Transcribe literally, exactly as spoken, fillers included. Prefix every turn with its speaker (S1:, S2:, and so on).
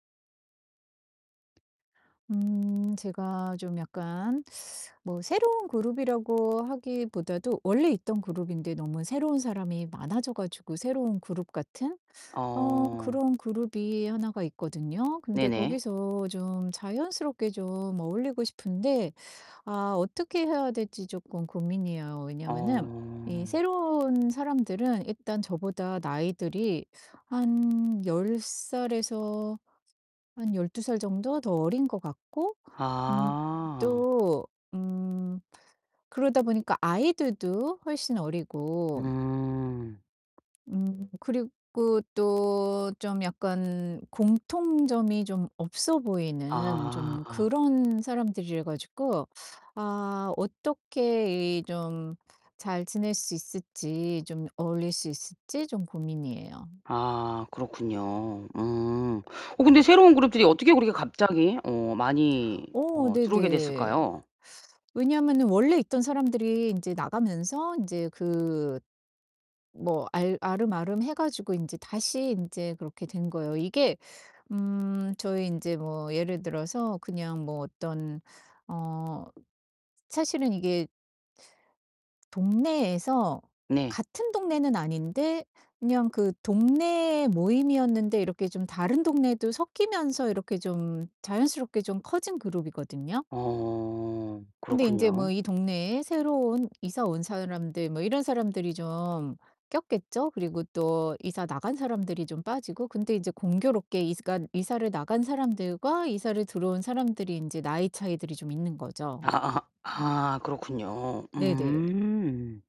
S1: 음 제가 좀 약간 뭐 새로운 그룹이라고 하기보다도 원래 있던 그룹인데 너무 새로운 사람이 많아져 가지고 새로운 그룹 같은 어
S2: 어.
S1: 그런 그룹이 하나가 있거든요. 근데
S2: 네네.
S1: 거기서 좀 자연스럽게 좀 어울리고 싶은데 아 어떻게 해야 될지 쪼끔 고민이에요. 왜냐하면은 이
S2: 어.
S1: 새로운 사람들은 일단 저보다 나이들이 한 열 살에서 한 열두 살 정도 더 어린 것 같고 음
S2: 아.
S1: 또 음 그러다 보니까 아이들도 훨씬 어리고
S2: 음.
S1: 음 그리고 또 좀 약간 공통점이 좀 없어 보이는 좀
S2: 아.
S1: 그런 사람들이어 가지고 아 어떻게 이 좀 잘 지낼 수 있을지 좀 어울릴 수 있을지 좀 고민이에요.
S2: 아, 그렇군요. 음. 어 근데 새로운 그룹들이 어떻게 그렇게 갑자기 어 많이
S1: 어
S2: 어 들어오게
S1: 네네.
S2: 됐을까요?
S1: 왜냐면은 원래 있던 사람들이 인제 나가면서 인제 그 뭐 알 알음알음 해 가지고 인제 다시 인제 그렇게 된 거예요. 이게 음 저희 인제 뭐 예를 들어서 그냥 뭐 어떤 어 사실은 이게 동네에서
S2: 네.
S1: 같은 동네는 아닌데 그냥 그 동네 모임이었는데 이렇게 좀 다른 동네도 섞이면서 이렇게 좀 자연스럽게 좀 커진 그룹이거든요.
S2: 어,
S1: 근데 인제 뭐
S2: 그렇군요.
S1: 이 동네에 새로 온 이사 온 사람들 뭐 이런 사람들이 좀 꼈겠죠? 그리고 또 이사 나간 사람들이 좀 빠지고. 근데 인제 공교롭게 이사 간 이사를 나간 사람들과 이사를 들어온 사람들이 인제 나이 차이들이 좀 있는 거죠.
S2: 아아 아, 그렇군요.
S1: 네네.
S2: 음.